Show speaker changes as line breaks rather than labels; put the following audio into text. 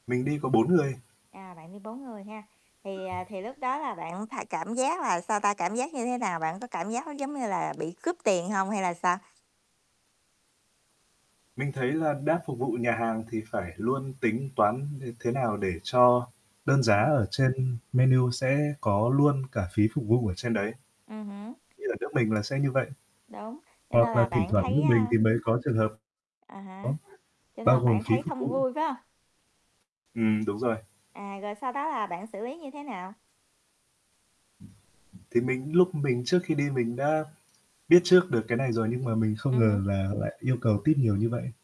Mình đi có 4 người.
À, bạn đi 4 người ha? Thì, à, thì lúc đó là bạn phải cảm giác là, sao ta, cảm giác như thế nào? Bạn có cảm giác nó giống như là bị cướp tiền hông, hay là sao?
Mình thấy là đã phục vụ nhà hàng thì phải luôn tính toán th thế nào để cho đơn giá
Ừm.
ở trên menu sẽ có luôn cả phí phục vụ ở trên đấy.
Ừm hứm.
Như là nước mình là sẽ như vậy,
Đúng, cho nên
hoặc là
là
thỉnh
bạn
thoảng
thấy,
nước mình
a
thì mới có trường hợp
À há. Cho
[unintelligible]
nên
bao
là
gồm
bạn
phí
thấy
phục
không
vụ.
vui, phải hông?
Ừm, đúng rồi.
À, rồi sau đó là bạn xử lý như thế nào?
Thì mình lúc mình trước khi đi mình đã biết trước được cái này rồi, nhưng mà mình không
Ừm hứm.
ngờ là lại yêu cầu tip nhiều như vậy.